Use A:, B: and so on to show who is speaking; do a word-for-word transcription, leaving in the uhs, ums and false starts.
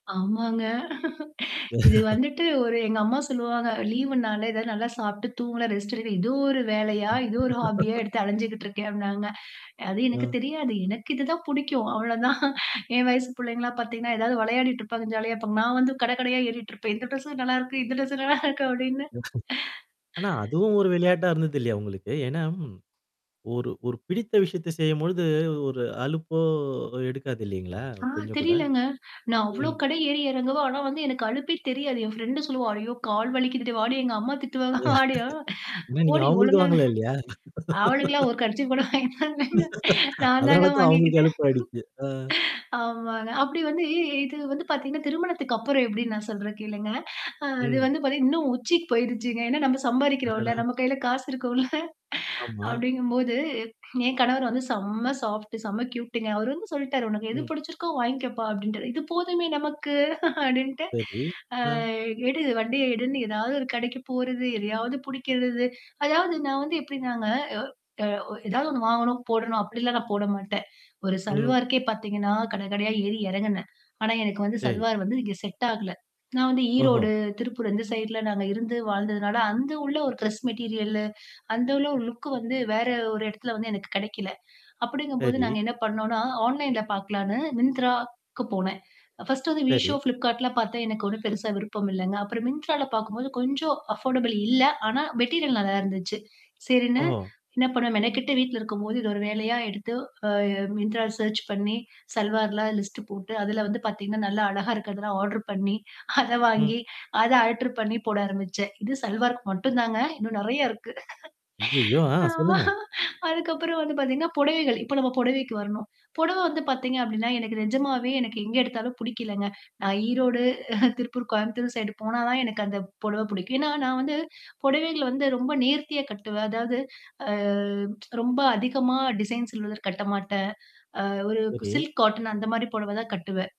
A: ஆமாங்க. இது வந்துட்டு ஒரு எங்க அம்மா சொல்லுவாங்க "லீவு்னால ஏதாவது நல்லா சாப்பிட்டு தூங்கலாம், ரெஸ்ட்டேடுக்கலாம் இது ஒரு வேலையா? இதோ ஒரு ஹாபியா எடுத்து அலஞ்சுகிட்டிருக்கே அப்னாங்க." அது எனக்கு
B: அ.
A: தெரியாது. எனக்கு இதுதான் புடிக்கும் அவ்ளோதான். என் வயசு புள்ளைங்கலாம் பாத்தீங்கன்னா, ஏதாவது விளையாடிட்டு இருப்பாங்க, ஜாலியா இருப்பாங்க. நான் வந்து கட கடையா ஏறிட்டு இருப்பேன். இந்த ட்ரெஸு நல்லாருக்கு இந்த ட்ரெஸு நல்லா இருக்கு அப்டின்னு.
B: ஆனா அதுவும் ஒரு விளையாட்டா இருந்தது இல்லைய உங்களுக்கு. ஏன்னா ம், ஒரு ஒரு பிடித்த விஷயத்த செய்யும்பொழுது ஒரு அலுப்போ எடுக்காதில்லைங்களா?
A: ஆ
B: கொஞ்சம் கூட?
A: தெரிலங்க. நான் அவ்ளோ
B: ம்.
A: கடை ஏறி இறங்குவேன். ஆனா வந்து எனக்கு அலுப்பே தெரியாது. என் ஃப்ரெண்ட் சொல்லுவா "ஐயோ! கால் வலிக்குதுடி, வாடி எங்க அம்மா திட்டுவங்க வாடி ஆ!
B: ஏனா நீங்க
A: போடி
B: அவங்களுக்கு
A: ஒழுங்கா ஹ
B: வாங்கல இல்லையா?
A: அவளுக்கெல்லாம் ஒரு கர்ச்சிஃப் கூட வாங்கி தர்லங்க. நான் தாங்க
B: அதனால தான் அவங்களுக்கு
A: வாங்கிக்கிட்டேன்.
B: அலுப்ப ஆயிடுச்சு. அ.
A: ஆமாங்க. அப்டி வந்து இது வந்து பாத்தீங்கன்னா, திருமணத்துக்கு அப்புறம் எப்டின்னு நான் சொல்றே கேளுங்க. அ அது
B: ம்.
A: வந்து பாத்தீங்க இன்னும் உச்சிக்கு போயுருச்சுங்க. ஏன்னா நம்ம சம்பாரிக்கிறோம்ல.
B: அடடா!
A: நம்ம கையில காசு இருக்கும்ல
B: ஆமா.
A: அப்டிங்கும்போது, என் கணவர் வந்து செம்ம சாஃப்ட்டு, செம்ம கியூட்டுங்க. அவரு வந்து சொல்ட்டாரு உனக்கு எது
B: ம்.
A: புடிச்சிருக்கோ வாங்கிக்கப்பா" அப்டின்ட்டாரு. இது போதுமே நமக்கு அப்டின்ட்டு.
B: சரி.
A: அ
B: ம்.
A: எடு வண்டிய எடுன்னு ஏதாவது ஒரு கடைக்கு போறது எதையாவது புடிக்கிறது. அதாவது நான் வந்து எப்டினாங்க, அ அ வ ஏதாவது ஒண்ணு வாங்கணும் போடணும் அப்டிலாம் நான் போட மாட்டேன். ஒரு
B: ம்.
A: சல்வாருக்கே பாத்தீங்கன்னா கடகடையா ஏறி எறங்குனேன். ஆனா எனக்கு வந்து
B: சரி.
A: சல்வார் வந்து நீங்க செட் ஆகல. நான் வந்து
B: ஓஹோ!
A: ஈரோடு, திருப்பூர் அந்த சைட்ல நாங்க இருந்து வாழ்ந்ததுனால அந்த உள்ள ஒரு கிரெஸ் மெட்டீரியல்லு, அந்த உள்ள ஒரு லுக் வந்து வேற ஒரு இடத்துல வந்து எனக்கு கிடைக்கல. அப்டிங்கும்போது நாங்க
B: சரி.
A: என்ன பண்ணோம்ன்னா, ஆன்லைன்ல பாக்கலான்னு Myntraக்கு போனேன். ஃபர்ஸ்ட் வந்து
B: சரி.
A: Meesho, Flipcartலாம் பார்த்தா எனக்கு ஒண்ணும் பெருசா விருப்பம் இல்லங்க. அப்புறம் Myntraல பாக்கும்போது கொஞ்சம் அஃபர்டபிள் இல்ல. ஆனா மெட்டீரியல் நல்லா இருந்துச்சு. சரின்னு
B: ஓஹோ!
A: என்ன பண்ணுவேன் மெனக்கெட்டு வீட்ல இருக்கும்போது, இது ஒரு வேலையா எடுத்து, அ Myntraல சர்ச் பண்ணி சல்வார்லாம் லிஸ்ட்ட் போட்டு, அதில வந்து பாத்தீங்கன்னா நல்லா அழகா இருக்கதெல்லாம் ஆர்டர் பண்ணி, அத
B: ம்.
A: வாங்கி அத அல்டெர் பண்ணி போட ஆரம்பிச்சேன். இது சல்வார்க்கு மட்டும் தாங்க. இன்னும் நெறைய இருக்கு.
B: ஐயய்யோ! ஆ
A: ஆமா,
B: சொல்லுங்க.
A: அதுக்கப்புறம் வந்து பாத்தீங்கன்னா, புடவைகள் இப்ப நம்ம புடவைக்கு வரணும். புடவ வந்து பாத்தீங்க அப்டின்னா, எனக்கு நிஜமாவே எனக்கு எங்கே எடுத்தாலும் புடிக்கலங்க. நான் ஈரோடு, திருப்பூர், கோயம்புத்தூர் சைடு போனா தான் எனக்கு அந்த புடவ புடிக்கும். ஏன்னா நான் வந்து புடவைகள் வந்து ரொம்ப நேர்த்தியா கட்டுவேன். அதாவது ஆ ரொம்ப அதிகமா டிசைன் சில்வதர் கட்டமாட்டேன். அ ஒரு
B: சரி.
A: சில்க் காார்டன் அந்த மாரி புடவ தான் கட்டுவேன்.